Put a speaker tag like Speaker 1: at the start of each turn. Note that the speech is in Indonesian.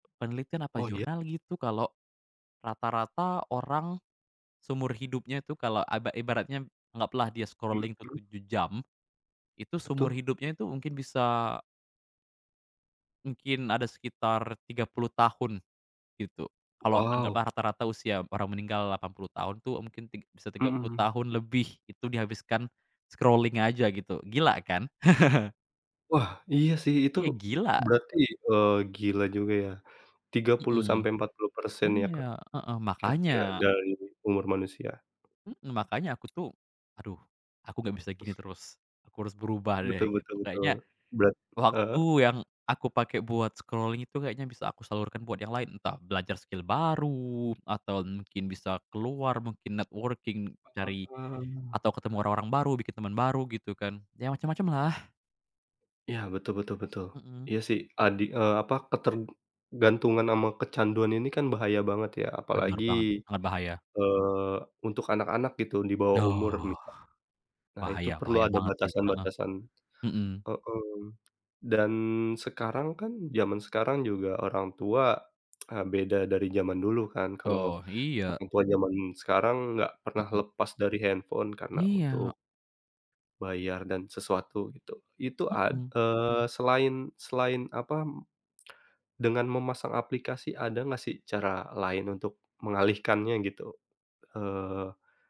Speaker 1: Penelitian apa
Speaker 2: Oh, iya.
Speaker 1: jurnal gitu kalau rata-rata orang seumur hidupnya itu kalau aba ibaratnya anggaplah dia scrolling tuh
Speaker 2: Begitu.
Speaker 1: 7 jam, itu seumur
Speaker 2: Betul.
Speaker 1: hidupnya itu mungkin bisa Mungkin ada sekitar 30 tahun, gitu. Kalau
Speaker 2: Waw.
Speaker 1: anggaplah rata-rata usia orang meninggal 80 tahun tuh, mungkin tig bisa tiga
Speaker 2: Mhm,
Speaker 1: puluh
Speaker 2: hmm.
Speaker 1: tahun lebih itu dihabiskan scrolling aja gitu, gila kan?
Speaker 2: Wah, iya sih. Itu
Speaker 1: Ya, gila.
Speaker 2: berarti, eee, gila juga ya 30%
Speaker 1: Mhm.
Speaker 2: sampai 40% ya,
Speaker 1: Iya,
Speaker 2: Kak,
Speaker 1: heeh,
Speaker 2: kira-kira
Speaker 1: makannya.
Speaker 2: dari umur manusia.
Speaker 1: Mmm, makannya aku tuh, "Aduh, aku gak bisa gini terus, aku harus berubah
Speaker 2: Betul
Speaker 1: deh," gitu.
Speaker 2: betul betul.
Speaker 1: Kayaknya,
Speaker 2: Berat
Speaker 1: waktu
Speaker 2: heeh.
Speaker 1: yang aku pakai buat scrolling itu kayaknya bisa aku salurkan buat yang lain. Entah belajar skill baru atau mungkin bisa keluar mungkin networking,
Speaker 2: Heeh,
Speaker 1: cari
Speaker 2: eee.
Speaker 1: atau ketemu orang-orang baru, bikin teman baru gitu kan. Ya, macem-macemlah.
Speaker 2: Iya, betul betul betul.
Speaker 1: Mhm.
Speaker 2: Iya sih adi eee, apa, ketergantungan sama kecanduan ini kan bahaya banget ya.
Speaker 1: Bener
Speaker 2: Apalagi,
Speaker 1: banget. Sangat bahaya.
Speaker 2: eee, untuk anak-anak gitu di bawah umur
Speaker 1: Aduh.
Speaker 2: misa nah, itu
Speaker 1: Bahaya
Speaker 2: perlu
Speaker 1: bahaya
Speaker 2: ada
Speaker 1: banget sih, heeh.
Speaker 2: batasan-batasan.
Speaker 1: Mhm.
Speaker 2: Heeh. Dan sekarang kan zaman sekarang juga orang tua, eee, beda dari zaman dulu kan. Kalau
Speaker 1: Oh, iya.
Speaker 2: orang tua zaman sekarang nggak pernah
Speaker 1: Mhm.
Speaker 2: lepas dari handphone karena
Speaker 1: Iya.
Speaker 2: untuk bayar dan sesuatu, gitu. Itu ad
Speaker 1: Mhm.
Speaker 2: eee, selain selain apa, dengan memasang aplikasi ada gak sih cara lain untuk mengalihkannya gitu? Eee